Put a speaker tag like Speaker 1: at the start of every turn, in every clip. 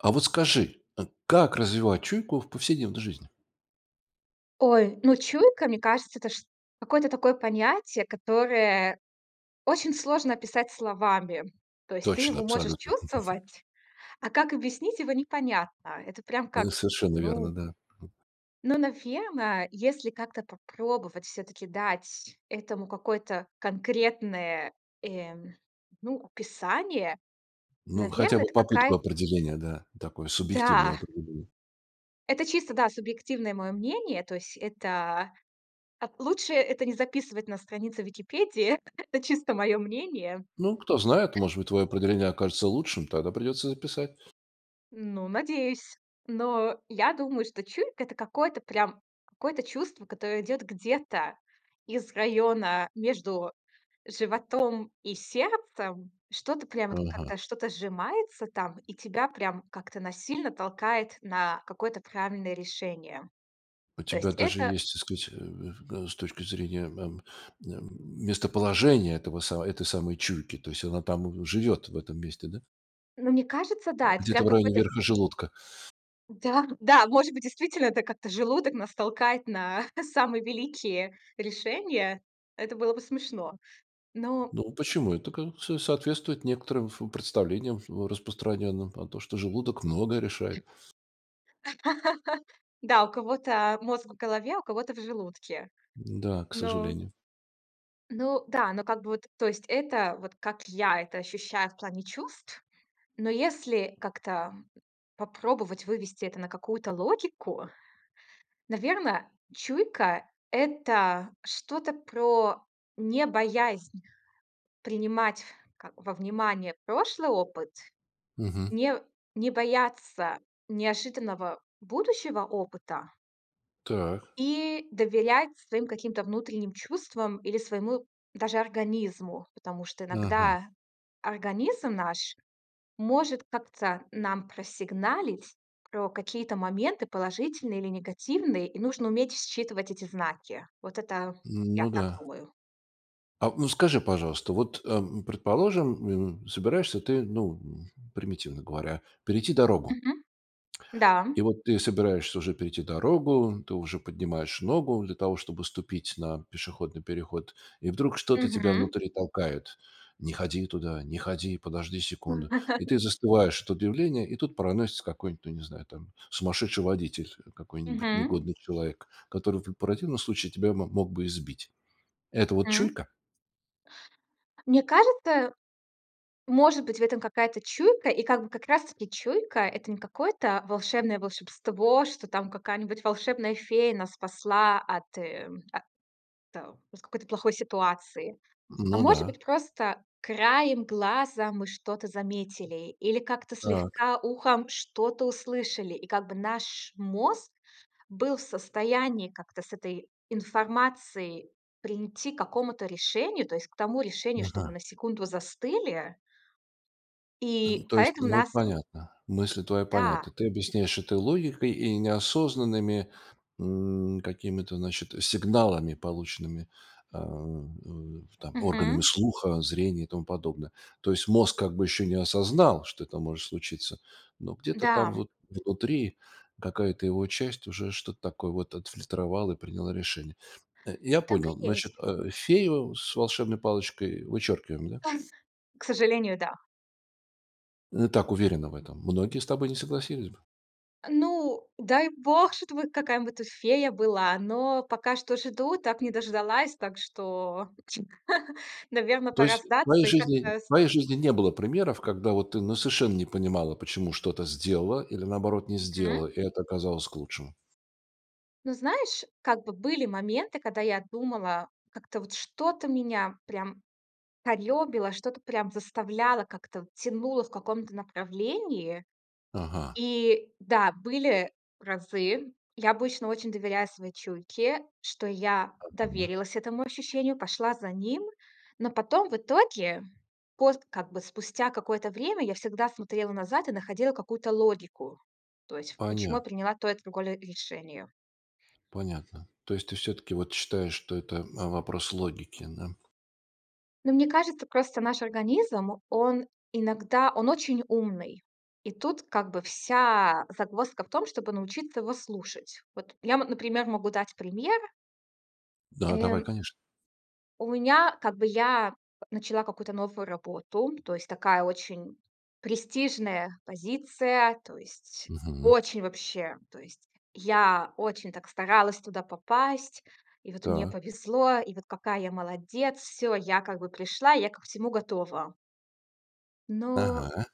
Speaker 1: А вот скажи, э, как развивать чуйку в повседневной жизни?
Speaker 2: Ой, ну чуйка, мне кажется, это, чт какое-то такое понятие, которое очень сложно описать словами. То есть ты
Speaker 1: Точно,
Speaker 2: его можешь
Speaker 1: абсолютно.
Speaker 2: чувствовать, а как объяснить его непонятно. Это прям как,
Speaker 1: Это совершенно верно,
Speaker 2: ну
Speaker 1: да. [unintelligible]
Speaker 2: ну, наверно, если как-то попробовать всё-таки дать этому какое-то конкретное, эм, ну, описание,
Speaker 1: Ну хотя
Speaker 2: наверное,
Speaker 1: бы
Speaker 2: это
Speaker 1: попытку
Speaker 2: какая
Speaker 1: определения, да, такой субъективной
Speaker 2: Да.
Speaker 1: опыт, мгм.
Speaker 2: Это чисто, да, субъективное мое мнение, то есть это а, лучше это не записывать на странице Википедии. Это чисто мое мнение.
Speaker 1: Ну, кто знает, может быть, твое определение окажется лучшим, тогда придется записать.
Speaker 2: Ну, надеюсь. Но я думаю, что чуйка- это какое-то прям, какое-то чувство, которое идёт где-то из района между животом и сердцем, что-то прямо
Speaker 1: Ага.
Speaker 2: как-то, что-то сжимается там, и тебя прям как-то насильно толкает на какое-то правильное решение,
Speaker 1: У
Speaker 2: то
Speaker 1: тебя
Speaker 2: есть
Speaker 1: даже
Speaker 2: это
Speaker 1: есть, так сказать, э, с точки зрения, эм, м, местоположение этого са этой самой чуйки, то есть она там живет в этом месте, да?
Speaker 2: Но мне кажется, да, это прям
Speaker 1: Где-то в районе
Speaker 2: какой-то в
Speaker 1: верха желудка.
Speaker 2: Да-да, может быть, действительно это как-то желудок нас толкает на самые великие решения, это было бы смешно, но
Speaker 1: Ну, почему это ка со соответствует некоторым в представлениям в распространенным о том, что желудок многое решает.
Speaker 2: Да, у кого-то, а, мозг в голове, у кого-то в желудке.
Speaker 1: Да, к
Speaker 2: Ну
Speaker 1: сожалению.
Speaker 2: Ну да, ну, как бы вот, то есть это, вот как я это ощущаю в плане чувств. Но если как-то попробовать вывести это на какую-то логику, наверно, чуйка- это что-то про не боязнь принимать, как во внимание прошлый опыт,
Speaker 1: Мгм.
Speaker 2: не не бояться неожиданного будущего опыта
Speaker 1: Так.
Speaker 2: и доверять своим каким-то внутренним чувствам или своему даже организму, потому что
Speaker 1: Ага.
Speaker 2: иногда организм наш может как-то нам просигналить про какие-то моменты, положительные или негативные, и нужно уметь считывать эти знаки. Вот это,
Speaker 1: Н
Speaker 2: я
Speaker 1: ну да.
Speaker 2: так думаю.
Speaker 1: А ну скажи, пожалуйста, вот, эм, предположим, м, собираешься ты, ну, примитивно говоря, перейти дорогу
Speaker 2: Мгм. Да.
Speaker 1: и вот ты собираешься уже перейти дорогу, ты уже поднимаешь ногу для того, чтобы ступить на пешеходный переход, и вдруг что-то тебя
Speaker 2: Мгм.
Speaker 1: внутри толкает: "Не ходи туда, не ходи, подожди секунду." И ты застываешь от удивления и тут проносится какой-нибудь, ну, не знаю, там, сумасшедший водитель какой-нибудь,
Speaker 2: Мгм.
Speaker 1: негодный человек, который в противном случае тебя мо мог бы и сбить. Это вот
Speaker 2: М.
Speaker 1: чуйка?
Speaker 2: Мне кажется, может быть, в этом какая-то чуйка. И как бы как раз таки чуйка- это не какое-то волшебное волшебство, что там какая-нибудь волшебная фея нас спасла от, э, о тэ от какой-то плохой ситуации, а
Speaker 1: Ну
Speaker 2: может
Speaker 1: да.
Speaker 2: быть, просто краем глаза мы что-то заметили или как-то
Speaker 1: Так.
Speaker 2: слегка ухом что-то услышали, и как бы наш мозг был в состоянии как-то с этой информацией прийти к какому-то решению, то есть к тому решению, что мы
Speaker 1: Ага.
Speaker 2: на секунду застыли
Speaker 1: Э,
Speaker 2: и
Speaker 1: то есть,
Speaker 2: поэтому
Speaker 1: ну,
Speaker 2: нас у
Speaker 1: понятно, мысли твои
Speaker 2: Да.
Speaker 1: понятны. Ты объясняешь это логикой и неосознанными, м, какими-то, значит, сигналами, полученными, а, там органами
Speaker 2: Мгм.
Speaker 1: слуха, зрения и тому подобное. То есть мозг как бы еще не осознал, что это может случиться, но где-то там
Speaker 2: Да.
Speaker 1: вот внутри какая-то его часть уже что-то такое вот отфильтровала и приняла решение. Э, я
Speaker 2: Так
Speaker 1: понял,
Speaker 2: и есть.
Speaker 1: значит, э, фею с волшебной палочкой вычеркиваем, да?
Speaker 2: К сожалению, да.
Speaker 1: Э, так уверена в этом? Многие с тобой не согласились бы.
Speaker 2: Ну, дай Бог, чтобы какая-нибудь тут фея была, но пока что жду, так не дождалась, так что, наверно,
Speaker 1: То
Speaker 2: пора
Speaker 1: есть в твоей
Speaker 2: сдаться и
Speaker 1: жизни
Speaker 2: как-то
Speaker 1: в
Speaker 2: с
Speaker 1: твоей жизни не было примеров, когда, вот, ты, ну, совершенно не понимала, почему что-то сделала, или наоборот не
Speaker 2: Мгм.
Speaker 1: сделала, и это оказалось к лучшему?
Speaker 2: Ну, знаешь, как бы были моменты, когда я думала, как-то вот что-то меня прям корёбило, что-то прям заставляло, как-то тянуло в каком-то направлении.
Speaker 1: Ага.
Speaker 2: И да, были разы Я обычно очень доверяю своей чуйке, что я
Speaker 1: Обидно.
Speaker 2: доверилась этому ощущению, пошла за ним, но потом в итоге, пост как бы спустя какое-то время, я всегда смотрела назад и находила какую-то логику, то есть почему я
Speaker 1: Понятно.
Speaker 2: приняла то и другое решение.
Speaker 1: Понятно. То есть ты всё-таки, вот, считаешь, что это, э, вопрос логики, да?
Speaker 2: Ну, мне кажется, просто, наш организм- он иногда, он очень умный, и тут как бы вся загвоздка в том, чтобы научиться его слушать. Вот я, м, например, могу дать пример
Speaker 1: Да, давай
Speaker 2: Эм.
Speaker 1: конечно.
Speaker 2: У меня, как бы я начала какую-то новую работу, то есть такая очень престижная позиция, то есть,
Speaker 1: Мгм.
Speaker 2: очень вообще. То есть, я очень, так, старалась туда попасть, и вот мне
Speaker 1: Так.
Speaker 2: повезло, и вот какая я молодец, всё, я как бы пришла, я ко всему готова. Но,
Speaker 1: Ага.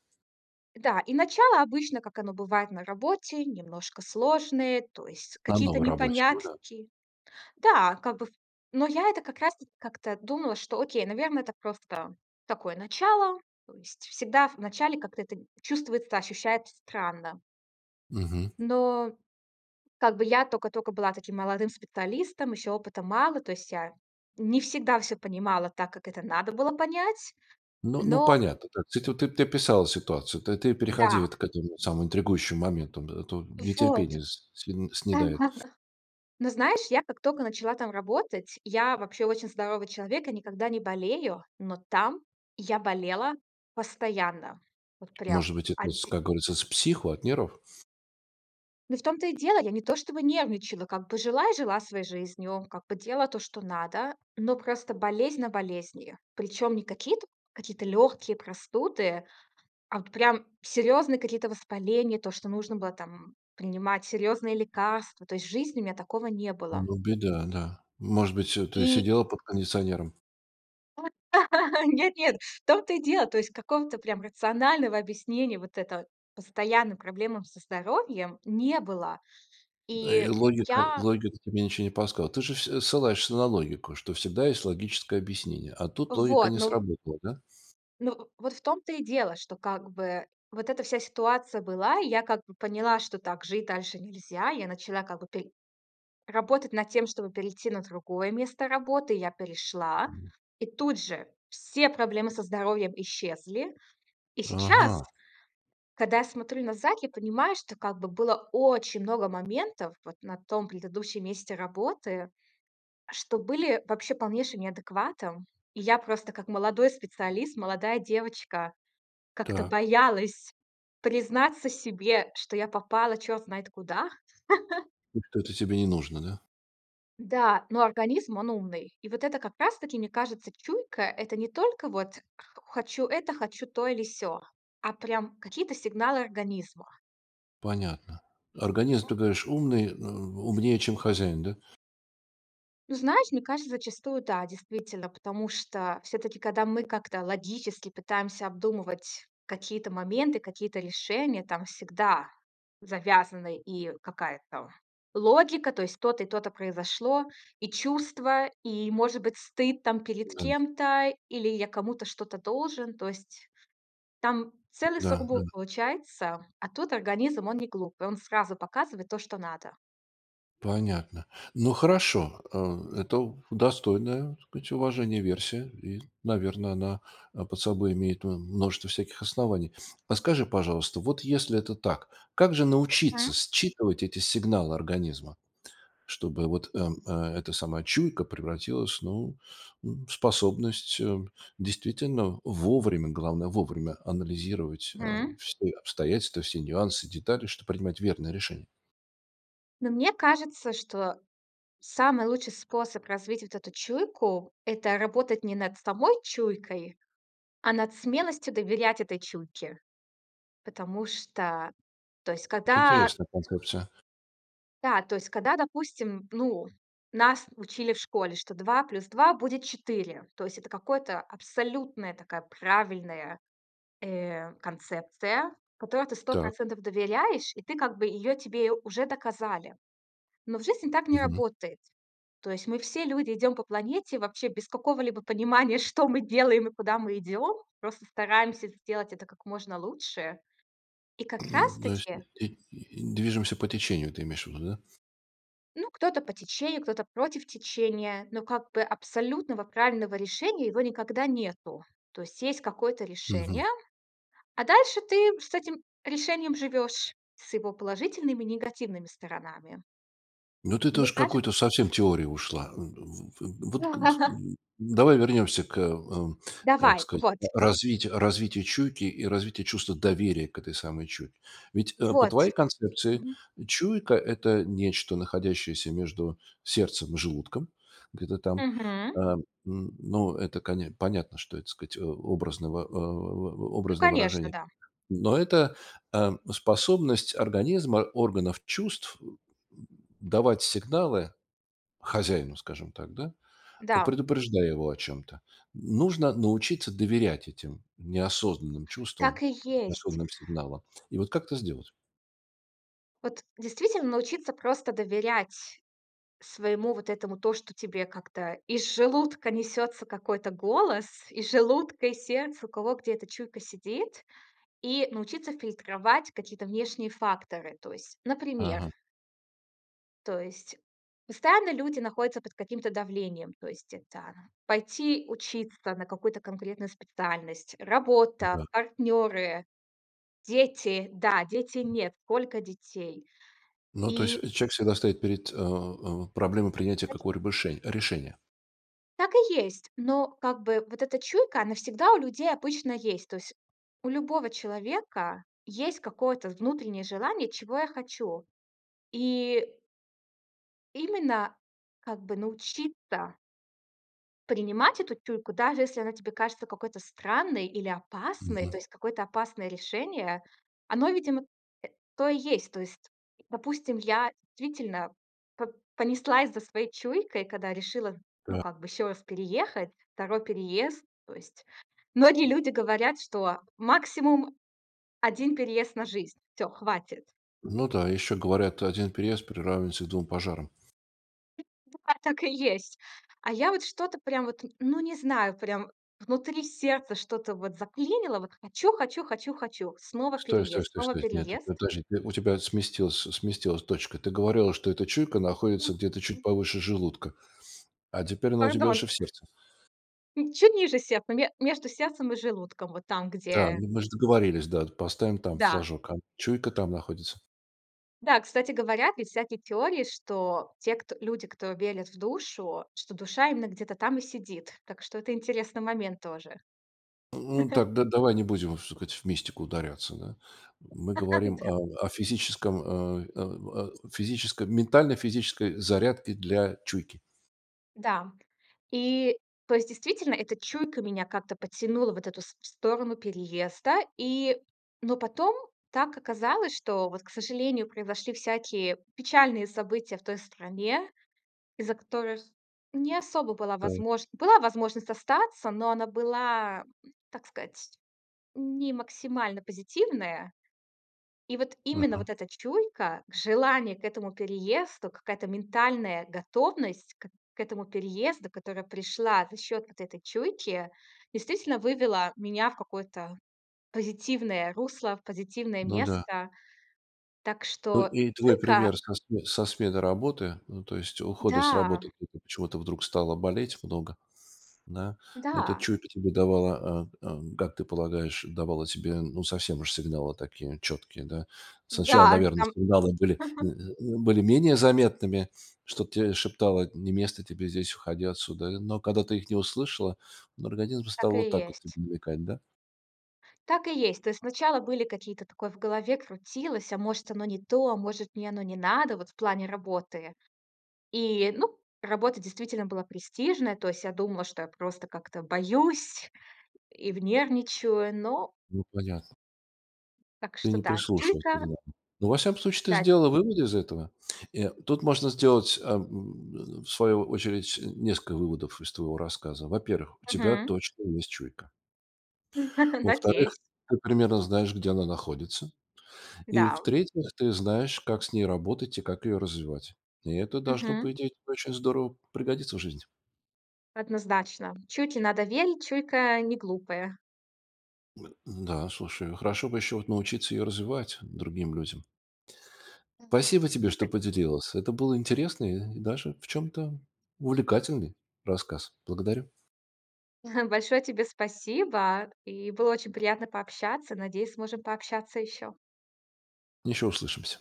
Speaker 2: да, и начало обычно, как оно бывает на работе, немножко сложное, то есть
Speaker 1: На
Speaker 2: какие-то
Speaker 1: новой работе, ну да.
Speaker 2: непонятки. Да, как бы в но я это как раз таки как-то думала, что окей, наверное, это просто такое начало, то есть, всегда в начале как-то это чувствуется, ощущается странно.
Speaker 1: Мгм.
Speaker 2: Но, как бы я токо-токо была таким молодым специалистом, ещё опыта мало, то есть я не всегда всё понимала так, как это надо было понять,
Speaker 1: Ну ну,
Speaker 2: но
Speaker 1: понятно, ты ту тут описала ситуацию, ты ты переходи
Speaker 2: Да.
Speaker 1: вот к этому самому интригующиму моменту, а то
Speaker 2: Вот.
Speaker 1: нетерпение с сн снедает.
Speaker 2: Но знаешь, я как токо начала там работать, я вообще очень здоровый человек и никогда не болею, но там я болела постоянно, вот прям.
Speaker 1: Может быть это, с
Speaker 2: Оди
Speaker 1: как говорится, с психу, от нервов?
Speaker 2: Ну в том-то и дело. Я не то чтобы нервничала, как бы жила, и жила своей жизнью, как бы делала то, что надо, но просто болезнь на болезнью. Причем не какие-то какие-то легкие простуды, а вот прям серьезные какие-то воспаления, то что нужно было там принимать серьезные лекарства. То есть в жизни у меня такого не было.
Speaker 1: Ну беда, да. Может быть всё то есть
Speaker 2: И
Speaker 1: сидела под кондиционером.
Speaker 2: Ну вот нет-нет! В том то и дело, то есть какого-то прям рационального объяснения вот это постоянным проблемам со здоровьем не было.
Speaker 1: Э, и
Speaker 2: И
Speaker 1: логика
Speaker 2: я
Speaker 1: логика тебе ничего не подсказывала? Ты же все ссылаешься на логику, что всегда есть логическое объяснение. А тут логика
Speaker 2: Вот,
Speaker 1: не
Speaker 2: ну
Speaker 1: сработала, да?
Speaker 2: ну, вот в том-то и дело, что как бы вот эта вся ситуация была, и я как бы поняла, что так жить дальше нельзя. Я начала как бы пер работать над тем, чтобы перейти на другое место работы. Я перешла-
Speaker 1: Хм.
Speaker 2: и тут же все проблемы со здоровьем исчезли. И сейчас,
Speaker 1: Ага!
Speaker 2: когда я смотрю назад, я понимаю, что как бы было очень много моментов вот на том предыдущем месте работы, что были вообще полнейшим неадекватом. И я просто, как молодой специалист, молодая девочка, как-то
Speaker 1: Так.
Speaker 2: боялась признаться себе, что я попала черт знает куда.
Speaker 1: Это-то тебе не нужно, да?
Speaker 2: Да, но организм он- умный. И вот это как раз таки, мне кажется, чуйка- это не только вот: "Х хочу это, хочу то или сё", а прям какие-то сигналы организма.
Speaker 1: Понятно. Организм, ты говоришь, умный, м, умнее, чем хозяин, да?
Speaker 2: Ну знаешь, мне кажется, зачастую да, действительно, потому что всё-таки, кода мы как-то логически пытаемся обдумывать какие-то моменты, какие-то решения, там всегда завязаны и какая-то логика, то есть то-то и то-то произошло, и чувства, и, может быть, стыд, там, перед
Speaker 1: Да.
Speaker 2: кем-то, или я кому-то что-то должен, то есть там целый
Speaker 1: Да, да.
Speaker 2: сургуб получается. А тут организм- он не глупый: он сразу показывает то, что надо.
Speaker 1: Понятно. Ну хорошо, э, это достойная, так сказать, уважения версия и, наверно, она, а, под собой имеет, м, множество всяких оснований. А скажи, пожалуйста, вот если это так, как же
Speaker 2: М.
Speaker 1: научиться считывать эти сигналы организма, чтобы вот, э, эта самая чуйка превратилась, ну, м, в способность, э, действительно вовремя, главное вовремя, анализировать, а,
Speaker 2: М.
Speaker 1: все обстоятельства, все нюансы, детали, чтобы принимать верное решение?
Speaker 2: Но мне кажется, что самый лучший способ развить вот эту чуйку- это работать не над самой чуйкой, а над смелостью доверять этой чуйке. Потому что, то есть
Speaker 1: Это
Speaker 2: когда
Speaker 1: интересная концепция.
Speaker 2: Да, то есть когда, допустим, ну, нас учили в школе, что 2 плюс 2 будет 4. То есть это какое-то абсолютная такая правильная, э, концепция, которой ты сто
Speaker 1: Так.
Speaker 2: процентов доверяешь, и ты, как бы, ее тебе уже доказали. Но в жизни так не
Speaker 1: Мгм.
Speaker 2: работает. То есть мы все люди идем по планете вообще без какого-либо понимания, что мы делаем и куда мы идем. Просто стараемся сделать это как можно лучше. И как раз
Speaker 1: М, то есть,
Speaker 2: таки
Speaker 1: и н движемся по течению, ты имеешь ввиду, да?
Speaker 2: Ну кто-то по течению, кто-то против течения, но как бы абсолютного правильного решения- его никогда нету. То есть есть какое-то
Speaker 1: Мгм.
Speaker 2: решение, а дальше ты с этим решением живешь, с его положительными и негативными сторонами.
Speaker 1: Ну ты
Speaker 2: И мне
Speaker 1: тоже к
Speaker 2: кажется
Speaker 1: какой-то совсем теории ушла. В в в вот, как т давай вернемся к, э, как
Speaker 2: Давай.
Speaker 1: сказать,
Speaker 2: Вот.
Speaker 1: развитию развитию чуйки и развития чувства доверия к этой самой чуйке. Ведь, э, по
Speaker 2: Вот.
Speaker 1: твоей концепции
Speaker 2: Мгм.
Speaker 1: чуйка- это нечто находящееся между сердцем и желудком, где-то там, э,
Speaker 2: Мгм.
Speaker 1: н ну это, коне понятно, что это так сказать, о образного э, о о
Speaker 2: Ну,
Speaker 1: образное
Speaker 2: конечно,
Speaker 1: выражение.
Speaker 2: да.
Speaker 1: Но это, э, способность организма, органов чувств давать сигналы хозяину, скажем так, да,
Speaker 2: Да.
Speaker 1: предупреждая его о чем-то. Нужно научиться доверять этим неосознанным чувствам,
Speaker 2: Так и есть.
Speaker 1: осознанным сигналам. И вот как это сделать?
Speaker 2: Вот действительно научиться просто доверять своему вот этому, то, что тебе как-то из желудка несется какой-то голос, из желудка и сердца, у кого где эта чуйка сидит, и научиться фильтровать какие-то внешние факторы. То есть, например
Speaker 1: Ага.
Speaker 2: то есть постоянно люди находятся под каким-то давлением: то есть это пойти учиться на какую-то конкретную специальность, работа,
Speaker 1: Да.
Speaker 2: партнеры, дети. Да- дети, нет, сколько детей.
Speaker 1: Ну то
Speaker 2: И
Speaker 1: есть, э, человек всегда стоит перед э, э, проблемой принятия какого-либо реше решения.
Speaker 2: Так и есть. Но, как бы, вот эта чуйка, она всегда у людей обычно есть. То есть у любого человека есть какое-то внутреннее желание, чего я хочу? И именно, как бы, научиться принимать эту чуйку, даже если она тебе кажется какой-то странной, или опасной, то
Speaker 1: Мгм.
Speaker 2: есть какое-то опасное решение, оно, видимо, э, то и есть. То есть, допустим, я действительно п понеслась за своей чуйкой, когда решила, ну
Speaker 1: Да.
Speaker 2: как бы, ещё раз переехать, 2 переезд. То есть многие люди говорят, что максимум 1 переезд на жизнь. Всё, хватит.
Speaker 1: Ну да, ещё говорят, что 1 переезд приравнивается к 2 пожарам.
Speaker 2: А, так и есть. А я вот что-то прям, вот, ну не знаю, прям, внутри сердца что-то, вот, заклинило, вот хочу хочу хочу хочу снова
Speaker 1: Стой стой
Speaker 2: переезд,
Speaker 1: стой
Speaker 2: снова
Speaker 1: стой, нет,
Speaker 2: переезд!
Speaker 1: ну подожди у тебя сместилась сместилась точка. Ты говорила, что эта чуйка находится где-то чуть
Speaker 2: [unintelligible]
Speaker 1: повыше желудка, а теперь она у тебя
Speaker 2: Пардон.
Speaker 1: уже в сердце.
Speaker 2: М, чуть ниже сердцем, ме между сердцем и желудком. Вот там,
Speaker 1: Да.
Speaker 2: где
Speaker 1: Ну мы же договорились, да, поставим там
Speaker 2: Да.
Speaker 1: флажок. [unintelligible] Чуйка там находится.
Speaker 2: Да, кстати говоря, есть всякие теории, что те кто люди, кто верят в душу, что душа именно где-то там и сидит. Так что это интересный момент тоже.
Speaker 1: Н ну так д-давай не будем вс в мистику ударяться, да, мы говорим
Speaker 2: Да.
Speaker 1: о о физическом, а а а, о физическом ментально-физической зарядки для чуйки.
Speaker 2: Да. И, то есть, действительно эта чуйка меня как-то потянула вот в эту в сто сторону переезда, и, но потом так оказалось, что вот, к сожалению, произошли всякие печальные события в той стране, из-за которых не особо была
Speaker 1: Так.
Speaker 2: возможн была возможность остаться, но она была, так сказать, не максимально позитивная. И вот именно,
Speaker 1: Ага.
Speaker 2: вот эта чуйка, желание к этому переезду, какая-то ментальная готовность к к этому переезду, которая пришла за счёт вот этой чуйки, действительно вывела меня в какое-то позитивное русло, в позитивное
Speaker 1: Ну да.
Speaker 2: место. Так
Speaker 1: Ну, э,
Speaker 2: что
Speaker 1: и твой
Speaker 2: только
Speaker 1: пример со сме со смены работы, ну, то есть ухода с
Speaker 2: Да.
Speaker 1: работы, [unintelligible] почему-то вдруг стало болеть много, да, это
Speaker 2: Да.
Speaker 1: чуйка тебе давала, э э, как ты полагаешь, давала тебе, ну, совсем уж сигналы, такие четкие, да? Сначала,
Speaker 2: Да,
Speaker 1: наверное,
Speaker 2: там
Speaker 1: сигналы были, были менее заметными, что-то те шептало: "Не место тебе здесь, уходи отсюда". Но когда ты их не услышала, организм стал
Speaker 2: Так
Speaker 1: вот
Speaker 2: и
Speaker 1: так вот
Speaker 2: есть.
Speaker 1: намекать, да.
Speaker 2: Так и есть. То есть сначала были какие-то, такое в голове крутилось: "А может, оно не то? А может, мне оно не надо, вот в плане работы?" И, ну, работа действительно была престижная, то есть я думала, что я просто как-то боюсь и нервничаю, но
Speaker 1: Ну понятно.
Speaker 2: так
Speaker 1: Ты
Speaker 2: что,
Speaker 1: не
Speaker 2: да
Speaker 1: прислушивался
Speaker 2: чуйка
Speaker 1: к нам. Во всяком случае ты
Speaker 2: Да.
Speaker 1: сделала выводы из этого, э, тут можно сделать ам, в свою очередь, несколько выводов, из твоего рассказа. Во-первых, у тебя
Speaker 2: Мгм.
Speaker 1: точно есть чуйка во-вторых,
Speaker 2: Надеюсь.
Speaker 1: ты примерно знаешь, где она находится. И,
Speaker 2: Да.
Speaker 1: в-третьих, ты знаешь, как с ней работать и как её развивать. И это должно, по
Speaker 2: Мгм.
Speaker 1: идее, очень здорово пригодиться в жизни.
Speaker 2: Однозначно. Чуйки надо верить, чуйка неглупая.
Speaker 1: Н-да, слушай, хорошо бы ещё вот научиться её развивать другим людям.
Speaker 2: Мгм.
Speaker 1: Спасибо тебе, что
Speaker 2: [unintelligible]
Speaker 1: поделилась, это был интересный, и даже, в чем-то, увлекательный рассказ. Благодарю.
Speaker 2: Большое тебе спасибо, и было очень приятно пообщаться. Надеюсь, сможем пообщаться ещё.
Speaker 1: Ещё услышимся!